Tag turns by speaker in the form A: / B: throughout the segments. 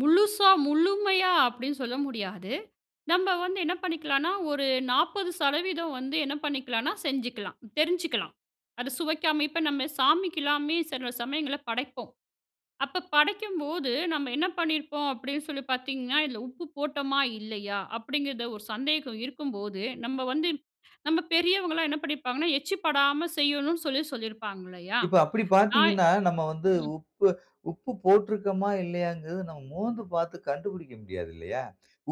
A: முழுசா முழுமையா அப்டின்னு சொல்ல முடியாது. நம்ம வந்து என்ன பண்ணிக்கலானா, ஒரு 40% வந்து என்ன பண்ணிக்கலானா, செஞ்சுக்கலாம். தெரிஞ்சுக்கலாம். அத சுவைக்காம இப்ப நம்ம சாமிக்குலாமே சில சமயங்கள்ல படைப்போம். அப்ப படைக்கும்போது நம்ம என்ன பண்ணியிருப்போம் அப்டின்னு சொல்லி பார்த்தீங்கன்னா, இதில உப்பு போட்டோமா இல்லையா அப்டிங்கிறது ஒரு சந்தேகம் இருக்கும்போது, நம்ம வந்து நம்ம பெரியவங்கலாம் என்ன பண்ணியிருப்பாங்கன்னா எச்சிப்படாம செய்யணும்னு சொல்லி சொல்லியிருப்பாங்க. இல்லையா?
B: இப்ப அப்டி
A: நான்
B: பார்த்தீங்கன்னா, நம்ம வந்து
A: ம்.
B: உப்பு உப்பு போட்டுருக்குறோமா இல்லையாங்குறத நம்ம மோர்ந்து பார்த்து கண்டுபுடிக்க முடியாது இல்லையா?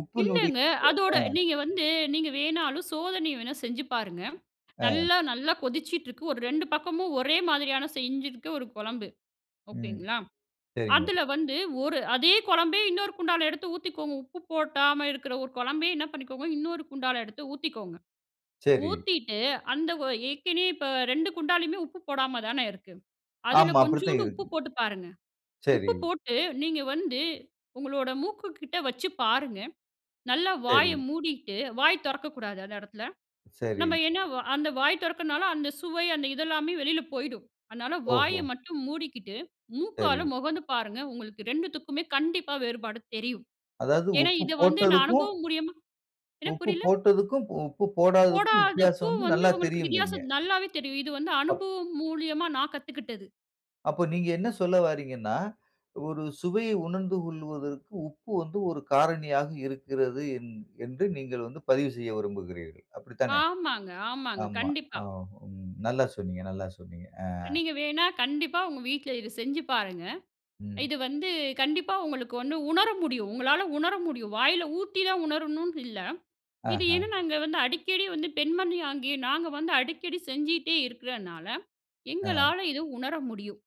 B: உப்புனுடைய
A: இல்லங்க, அதோட
B: ப். ஆ.
A: நீங்க வந்து நீங்க வேணாலும் சோதனை வேணா செஞ்சு பாருங்க.
B: ஆ.
A: நல்லா நல்லா கொதிச்சிட்டுருக்கு. ஒரு 2 பக்கமும் ஒரே மாதிரியான செஞ்சிருக்கு ஒரு குழம்பு.
B: ம்,
A: ஓகேங்களா?
B: சரிங்க.
A: அதில வந்து ஒரு அதே குழம்பே இன்னொரு குண்டால எடுத்து ஊத்திக்கோங்க. உப்பு போடாம இருக்குற ஒரு குழம்பு என்ன பண்ணிக்கோங்க இன்னொரு குண்டால எடுத்து ஊத்திக்கோங்க.
B: சரி.
A: ஊத்திட்டு அந்த ஒ ஏற்கனவே இப்ப 2 குண்டாலையுமே உப்பு போடாம தானே இருக்கு. அதில
B: ஆமா. அப்டித்தான்
A: கொஞ்சோண்டு உப்பு
B: இருக்கு.
A: போட்டு பாருங்க.
B: சரி.
A: உப்பு போட்டு நீங்க வந்து உங்களோட மூக்கு கிட்ட வச்சு பாருங்க. நல்லா வாய
B: சரி.
A: மூடிக்கிட்டு, வாய் திறக்கக்கூடாது அந்த இடத்துல. நம்ம
B: சரி.
A: என்ன அந்த வாய் திறக்கிறனால அந்த சுவை அந்த இதெல்லாமே வெளில போயிடும். அதனால வாய
B: ஓஹோ!
A: மட்டும் மூடிக்கிட்டு மூக்கால
B: சரி.
A: முகந்து பாருங்க உங்களுக்கு, 2த்துக்குமே கண்டிப்பா வேறுபாடு தெரியும்.
B: அதாவது,
A: ஏனா,
B: உப்பு
A: இத வந்து நான்
B: போட்டதுக்கும்
A: அனுபவம் மூலியமா என்ன
B: உப்பு
A: புரியல?
B: போட்டதுக்கும் உப்பு போடாததுக்கும்
A: போடாத உப்பு
B: வித்தியாசம் வந்து
A: வந்து
B: நல்லா
A: இவங்களுக்கு
B: தெரியும்ங்குறீங்க.
A: வித்தியாசம் நல்லாவே தெரியும். இது வந்து
B: அப்
A: அனுபவம் மூலியமா நான் கத்துக்கிட்டது.
B: அப்ப நீங்க என்ன சொல்ல வரீங்கன்னா, ஒரு சுவையை உணர்ந்து கொள்வதற்கு உப்பு வந்து ஒரு காரணியாக இருக்கிறது என் என்று நீங்க வந்து பதிவு செய்ய விரும்புகிறீர்கள். அப்படி தானே?
A: ஆமாங்க, ஆமாங்க.
B: ஆமா.
A: கண்டிப்பா.
B: ஆ. ம். நல்லா சொன்னீங்க நல்லா சொன்னீங்க. ஆ.
A: நீங்க வேணா கண்டிப்பா உங்க வீட்ல இத செஞ்சு பாருங்க.
B: ம்.
A: இது வந்து கண்டிப்பா உங்களுக்கு வந்து உணர முடியும். உங்களால உணர முடியும் வாயில ஊத்தி தான் உணரணுனு இல்ல. இது
B: ஆஹ.
A: ஏனா, நாங்க வந்து அடிக்கடி வந்து பெண்மணியாகிய நாங்க வந்து அடிக்கடி செஞ்சிட்டே இருக்கறனால
B: ஆ.
A: எங்களால இது உணர முடியும்.